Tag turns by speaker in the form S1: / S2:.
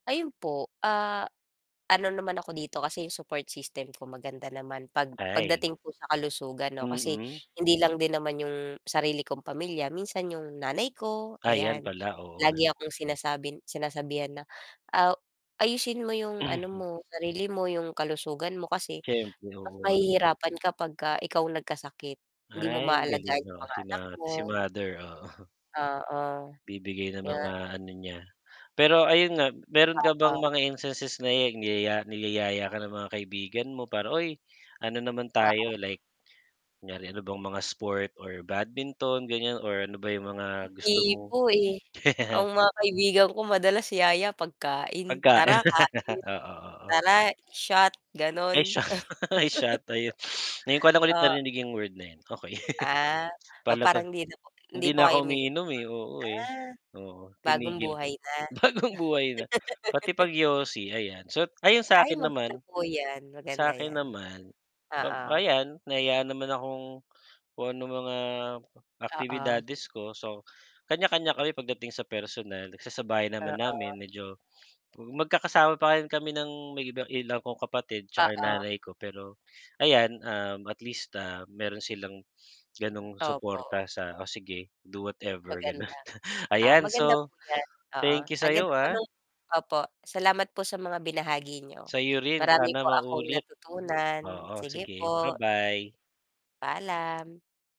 S1: Ayon po, ah, ano, naman ako dito kasi yung support system ko maganda naman pag
S2: Ay.
S1: pagdating po sa kalusugan, 'no, kasi
S2: Mm.
S1: hindi lang din naman 'yong sarili kong pamilya, minsan 'yong nanay ko,
S2: Ayan
S1: ayan
S2: pala, oo nga.
S1: lagi akong sinasabi sinasabihan na, ah, ayusin mo 'yong, ano,
S2: Mhm.
S1: mo sarili mo 'yong kalusugan mo kasi
S2: Siyempre,
S1: mas
S2: oo nga.
S1: mahihirapan ka kapag ka ikaw ang nagkasakit. Hindi mo
S2: Ay, ang galing,
S1: maalagaan 'yong
S2: oo
S1: mga
S2: si mo
S1: anak
S2: si
S1: mo.
S2: mother, oo.
S1: Oo,
S2: Bibigay ng
S1: nga.
S2: mga ano niya, pero ayon nga, meron ka bang
S1: Oo.
S2: mga instances na niyaya niyayaya ka ng mga kaibigan mo parang, "Uy, ano naman
S1: Oo.
S2: tayo." Like kunyari ano bang mga sport or badminton ganyan or ano ba 'yong mga
S1: Hindi
S2: gusto mo?
S1: po eh, ang mga kaibigan ko madalas yaya pagkain
S2: pagkain
S1: tara kain,
S2: oo, oo.
S1: tara shot,
S2: Ay
S1: gano'n.
S2: shot ay shot ayon ngayon ko lang ulit
S1: Oo.
S2: narinig 'yang word na 'yon, okay.
S1: Ah, oo
S2: Pano to
S1: parang hindi po hindi
S2: Hindi
S1: po
S2: na
S1: kayo
S2: ako
S1: umiinom.
S2: umiinom eh oo eh,
S1: Ah,
S2: oo
S1: bagong
S2: tinigil ko
S1: buhay
S2: na.
S1: na.
S2: Bagong buhay na pati pag yosi ayan. So, ayon
S1: Ay
S2: sakin
S1: maganda
S2: naman
S1: po 'yan, maganda
S2: sa akin
S1: yan.
S2: naman pa
S1: Oo.
S2: ayan, nahiya naman akong kung anong mga
S1: Oo.
S2: aktibidades ko, so kanya-kanya kami pagdating sa personal nagsasabayan
S1: Ah,
S2: naman
S1: oo.
S2: namin medyo, magkakasama pa rin kami ng ilang kong kapatid 'tsaka 'yong
S1: Oo.
S2: nanay ko pero, ayan, um, atleast, ah, meron silang ganong
S1: Opo.
S2: suporta sa o sige, do whatever gano'n.
S1: Maganda, ah
S2: Ayan,
S1: maganda
S2: so,
S1: po 'yan oo,
S2: thank you
S1: ang ganda
S2: sa'yo,
S1: po
S2: ah.
S1: ng opo salamat po sa mga binahagi niyo
S2: Sayo rin
S1: marami
S2: sana
S1: po akong
S2: maulit,
S1: natutunan,
S2: oo,
S1: sige
S2: sige
S1: po.
S2: ba-bye.
S1: Paalam.